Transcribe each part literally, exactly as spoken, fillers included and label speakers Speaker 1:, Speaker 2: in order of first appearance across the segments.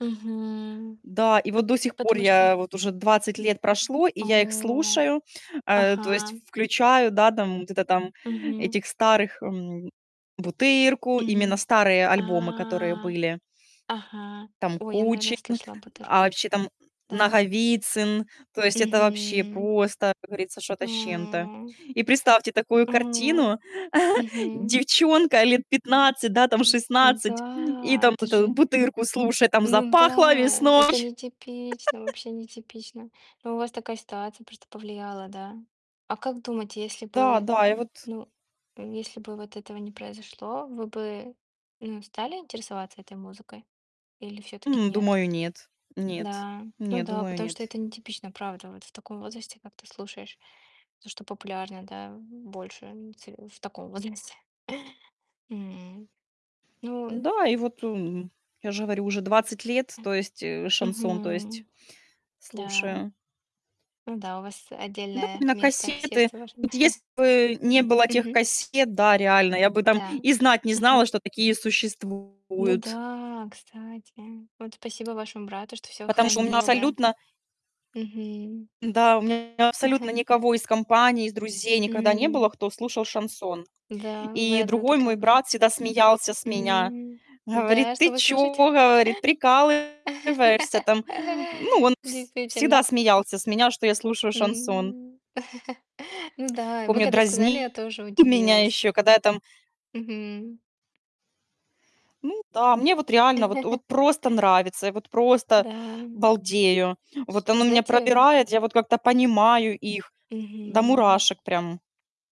Speaker 1: Мгм.
Speaker 2: Да. И
Speaker 1: Ну,
Speaker 2: вот, до
Speaker 1: п
Speaker 2: сих пор,
Speaker 1: потому что?
Speaker 2: я вот уже двадцать лет прошло, и я их
Speaker 1: О!
Speaker 2: слушаю. Э, то есть
Speaker 1: Ага.
Speaker 2: включаю, да, там, где-то там,
Speaker 1: Мгм.
Speaker 2: этих старых, м, "Бутырку", именно
Speaker 1: Мгм.
Speaker 2: старые
Speaker 1: А,
Speaker 2: альбомы, которые были.
Speaker 1: ага.
Speaker 2: Там,
Speaker 1: Ой, я, наверное,
Speaker 2: Кучин,
Speaker 1: слышала, а,
Speaker 2: а
Speaker 1: "Бутырку".
Speaker 2: вообще, там, м,
Speaker 1: Да.
Speaker 2: Наговицын. То есть это, вообще,
Speaker 1: Мгм.
Speaker 2: просто, как говорится, что-то с чем-то.
Speaker 1: М.
Speaker 2: И представьте такую
Speaker 1: Мгм
Speaker 2: картину:
Speaker 1: мгм.
Speaker 2: девчонка лет пятнадцать, да, там,
Speaker 1: М, м.
Speaker 2: шестнадцать и,
Speaker 1: Да,
Speaker 2: там,
Speaker 1: это
Speaker 2: вот эту
Speaker 1: же
Speaker 2: "Бутырку" слушает, там,
Speaker 1: ну
Speaker 2: "Запахло
Speaker 1: да!
Speaker 2: весной."
Speaker 1: Это нетипично, вообще, нетипично. Но, у вас такая ситуация просто повлияла, да? А как думаете, если
Speaker 2: Да,
Speaker 1: бы,
Speaker 2: да. И вот
Speaker 1: ну, э, если бы вот этого не произошло, вы бы, ну, стали интересоваться этой музыкой или всё-таки
Speaker 2: М,
Speaker 1: нет?
Speaker 2: думаю, нет. Нет
Speaker 1: Да. Ну
Speaker 2: нет,
Speaker 1: да,
Speaker 2: думаю,
Speaker 1: потому что
Speaker 2: нет.
Speaker 1: это нетипично, правда. Вот в таком возрасте, как ты слушаешь. То, что популярно, да, м, больше, м, те в таком возрасте. Мгм. Ну, э
Speaker 2: Да, и вот, эм, я же говорю, уже двадцать лет, то есть, э, шансон, то есть,
Speaker 1: Мгм. Да.
Speaker 2: слушаю.
Speaker 1: Ну да, у вас
Speaker 2: Да, были
Speaker 1: отдельное
Speaker 2: на
Speaker 1: место в
Speaker 2: кассеты.
Speaker 1: сердце вашем.
Speaker 2: Вот если бы, не было тех
Speaker 1: Мгм.
Speaker 2: кассет, да, реально я бы, там,
Speaker 1: М-да.
Speaker 2: и знать не знала,
Speaker 1: Мгм.
Speaker 2: что такие
Speaker 1: Ну
Speaker 2: существуют.
Speaker 1: да, кстати. Вот спасибо вашему брату, что всё
Speaker 2: Потому что у [unintelligible]
Speaker 1: хранил, да?
Speaker 2: абсолютно
Speaker 1: Мгм.
Speaker 2: да, у меня абсолютно никого из компании, из друзей никогда не было,
Speaker 1: М.
Speaker 2: кто слушал шансон.
Speaker 1: Да, вы
Speaker 2: И
Speaker 1: одна
Speaker 2: другой
Speaker 1: такая
Speaker 2: мой
Speaker 1: были.
Speaker 2: брат всегда смеялся с меня,
Speaker 1: М,
Speaker 2: говорит:
Speaker 1: да. А что
Speaker 2: "Ты
Speaker 1: вы слушает?
Speaker 2: чё,- говорит- прикалываешься, там?" Ну, он вс всегда
Speaker 1: Действительно.
Speaker 2: смеялся с меня, что я слушаю шансон.
Speaker 1: М. Ну да, вы
Speaker 2: Помню,
Speaker 1: когда сказали, я
Speaker 2: дразнил
Speaker 1: тоже
Speaker 2: меня
Speaker 1: удивилась.
Speaker 2: еще, когда я, там
Speaker 1: Мгм.
Speaker 2: Ну да, мне вот реально вот вот просто нравится. Я вот, просто,
Speaker 1: Да.
Speaker 2: балдею, вот,
Speaker 1: Вы
Speaker 2: оно меня
Speaker 1: знаете
Speaker 2: пробирает. Я вот как-то понимаю их, м, до
Speaker 1: Мгм.
Speaker 2: мурашек, прям.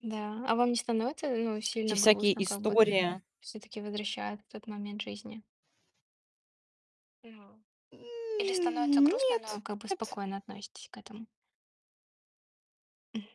Speaker 1: Да. А вам не становится, э, ну,
Speaker 2: Эти
Speaker 1: сильно
Speaker 2: всякие
Speaker 1: грустно, как бы?
Speaker 2: истории.
Speaker 1: Всё-таки, возвращает в тот момент жизни. Или становится
Speaker 2: М,
Speaker 1: грустно, но,
Speaker 2: нет
Speaker 1: как бы,
Speaker 2: нет.
Speaker 1: спокойно относитесь к этому? М.